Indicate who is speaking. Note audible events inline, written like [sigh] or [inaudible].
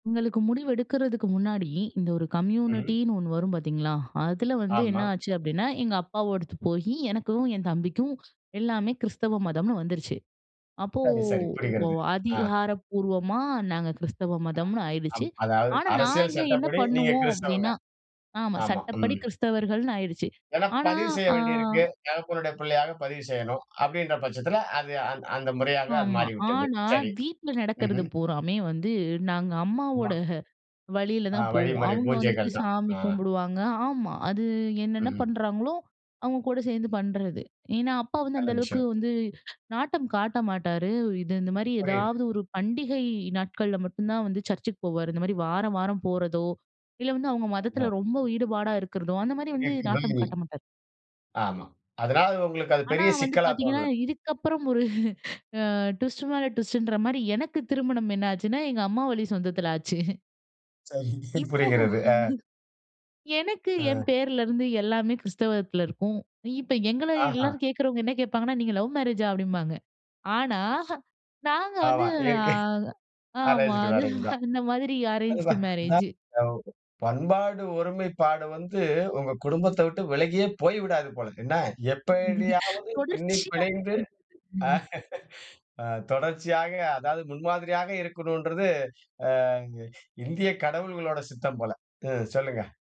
Speaker 1: எங்களுக்கு முடிவெடுக்கிறதுக்கு முன்னாடி, இந்த ஒரு
Speaker 2: ம்ஹ்ம்.
Speaker 1: கம்யூனிட்டின்னு ஒண்ணு வரும் பார்த்தீங்களா, அதுல வந்து என்ன
Speaker 2: ஆமா.
Speaker 1: ஆச்சு அப்படின்னா, எங்க அப்பாவோடது போயி எனக்கும், என் தம்பிக்கும் எல்லாமே கிறிஸ்தவ மதம்னு வந்துருச்சு. அப்போ
Speaker 2: சரி சரி
Speaker 1: வ
Speaker 2: புரிகிறது. ஆ.
Speaker 1: அதிகாரப்பூர்வமா நாங்க கிறிஸ்தவ
Speaker 2: அ.
Speaker 1: மதம்னு ஆயிருச்சு.
Speaker 2: அம். அதாவது
Speaker 1: ஆனா
Speaker 2: அரசியல்
Speaker 1: நாங்க என்ன
Speaker 2: சட்டப்படி நீங்க
Speaker 1: பண்ணுவோம்
Speaker 2: கிறிஸ்தவங்க.
Speaker 1: அப்படின்னா ஆமா
Speaker 2: ஆமா.
Speaker 1: சட்டப்படி
Speaker 2: ம்.
Speaker 1: கிறிஸ்தவர்கள்ன்னு ஆயிருச்சு.
Speaker 2: ஏன்னா
Speaker 1: ஆனா,
Speaker 2: பதிவு செய்ய
Speaker 1: ஆ,
Speaker 2: வேண்டியிருக்கு தகப்பனுடைய பிள்ளையாக பதிவு செய்யணும், அப்படின்ற பட்சத்துல அது அந்த அந்த முறையாக அது
Speaker 1: ஆமா.
Speaker 2: மாறிவிட்டது.
Speaker 1: ஆனா,
Speaker 2: சரி.
Speaker 1: வீட்ல நடக்கிறது
Speaker 2: ம்ஹ்ம்.
Speaker 1: பூராமே வந்து, நாங்க
Speaker 2: ஆமா.
Speaker 1: அம்மாவோட வழில
Speaker 2: ஆ.
Speaker 1: தான் போவோம்.
Speaker 2: வழிமுறை
Speaker 1: அவுங்க வந்துட்டு
Speaker 2: பூஜைகள் தான்.
Speaker 1: சாமி
Speaker 2: ஆ.
Speaker 1: கும்புடுவாங்க ஆமா. அது என்னென்னா
Speaker 2: ம்ஹ்ம்.
Speaker 1: பண்றாங்களோ அவுங்க கூட சேந்து பண்றது. ஏன்னா, அப்பா வந்து
Speaker 2: நல்ல
Speaker 1: அந்த அளவுக்கு
Speaker 2: விஷயம்.
Speaker 1: வந்து, நாட்டம் காட்ட மாட்டாரு. இது இந்த மாரி
Speaker 2: புரியிது.
Speaker 1: ஏதாவது ஒரு பண்டிகை நாட்கள்ல மட்டும் தான் வந்து சர்ச்சுக்கு போவாரு. இந்த மாரி வார வாரம் போறதோ! இல்ல வந்து அவுங்க மதத்துல
Speaker 2: ம்ஹான்.
Speaker 1: ரொம்ப ஈடுபாடா இருக்கிறதோ! அந்த மாரி வந்து நாட்டம் காட்ட
Speaker 2: [unintelligible]
Speaker 1: மாட்டாரு.
Speaker 2: ஆமா. அதனால உங்களுக்கு அது
Speaker 1: ஆனா
Speaker 2: பெரிய
Speaker 1: வந்து
Speaker 2: சிக்கலாத்
Speaker 1: பாத்தீங்கன்னா,
Speaker 2: தோணல!
Speaker 1: இதுக்க புறம் ஒரு, ஆ, ட்விஸ்ட்டு மேல ட்விஸ்ட்டுன்ற மாதிரி எனக்கு திருமணம் என்ன ஆச்சுன்னா எங்க அம்மா வழி சொந்தத்துல ஆச்சு.
Speaker 2: சரி.
Speaker 1: இப்போ
Speaker 2: புரிகிறது. ஆ.
Speaker 1: எனக்கு, என்
Speaker 2: அ.
Speaker 1: பேர்ல இருந்து எல்லாமே கிறிஸ்தவத்துல இருக்கும். இப்போ எங்கள
Speaker 2: ஆஹா.
Speaker 1: எல்லாரும் கேட்கறவங்க என்ன கேப்பாங்கன்னா, நீங்க லவ் மேரேஜா? அப்படின்பாங்க. ஆனா நாங்க வந்து
Speaker 2: ஆமா.
Speaker 1: ஆ
Speaker 2: இயற்கை
Speaker 1: ஆமா.
Speaker 2: அரேஞ்சுடு
Speaker 1: அது
Speaker 2: மேரேஜ் தான்.
Speaker 1: அந்த மாதிரி
Speaker 2: அது
Speaker 1: அரேஞ்ச்டு
Speaker 2: தான்.
Speaker 1: மேரேஜ்ஜூ.
Speaker 2: [unintelligible] பண்பாடு ஒருமைப்பாடு வந்து, உங்க குடும்பத்த விட்டு விலகியே போய்விடாது போல! என்ன? எப்படியாவது பின்னி
Speaker 1: தொடர்ச்சியா
Speaker 2: பிணைந்து
Speaker 1: [unintelligible]
Speaker 2: ஆ. தொடர்ச்சியாக, அதாவது முன்மாதிரியாக இருக்கணுன்றது, அ இங்கயே கடவுள்களோட சித்தம் போல. ம் சொல்லுங்க.